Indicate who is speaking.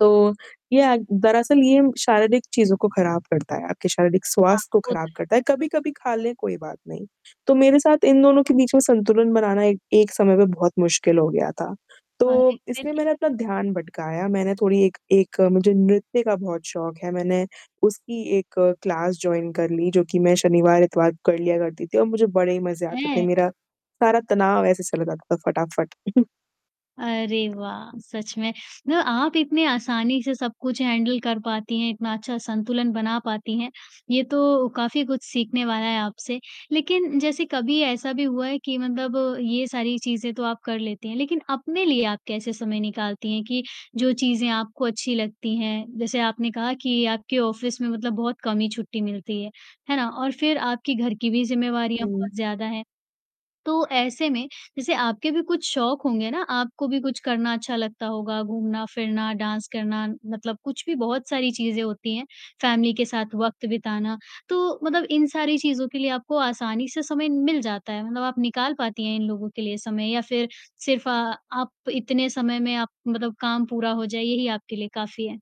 Speaker 1: तो ये अ, दरअसल ये शारीरिक चीज़ों को ख़राब करता है, आपके शारीरिक
Speaker 2: हाँ,
Speaker 1: स्वास्थ्य को
Speaker 2: वो तो
Speaker 1: ख़राब
Speaker 2: है।
Speaker 1: करता है, कभी-कभी खा लें कोई बात नहीं। तो मेरे साथ इन दोनों के बीच में संतुलन बनाना एक एक समय में बहुत मुश्किल हो गया था। तो
Speaker 2: अरे! फ़िर
Speaker 1: इसलिए
Speaker 2: क्या?
Speaker 1: मैंने अपना ध्यान भटकाया मैंने थोड़ी एक एक मुझे नृत्य का बहुत शौक है मैंने उसकी एक क्लास जॉइन कर ली। जो कि मैं शनिवार, इतवार को कर लिया करती थी और मुझे बड़े ही मज़ा आता था।
Speaker 2: हैं?
Speaker 1: मेरा सारा तनाव ऐसे चला जाता था फटाफट।
Speaker 2: अरे वाह! सच में। मतलब आप इतने आसानी से सब कुछ हैंडल कर पाती हैं, इतना अच्छा संतुलन बना पाती हैं। ये तो काफ़ी कुछ सीखने वाला है आपसे। लेकिन जैसे कभी ऐसा भी हुआ है कि मतलब ये सारी चीज़ें तो आप कर लेती हैं, लेकिन अपने लिए आप कैसे समय निकालती हैं कि जो चीज़ें आपको अच्छी लगती हैं। जैसे आपने कहा कि आपके ऑफ़िस में मतलब बहुत कम ही छुट्टी मिलती है। है ना? और फ़िर आपकी घर की भी ज़िम्मेवारियाँ
Speaker 1: हुँ।
Speaker 2: बहुत ज़्यादा हैं। तो ऐसे में जैसे आपके भी कुछ शौक होंगे ना, आपको भी कुछ करना अच्छा लगता होगा घूमना-फिरना, डांस करना, मतलब कुछ भी बहुत सारी चीज़ें होती हैं। फ़ैमिली के साथ वक़्त बिताना तो मतलब इन सारी चीज़ों के लिए आपको आसानी से समय मिल जाता है। मतलब आप निकाल पाती हैं इन लोगों के लिए समय या फ़िर सिर्फ़ अ, आप इतने समय में आप मतलब काम पूरा हो जाए यही आपके लिए काफ़ी है?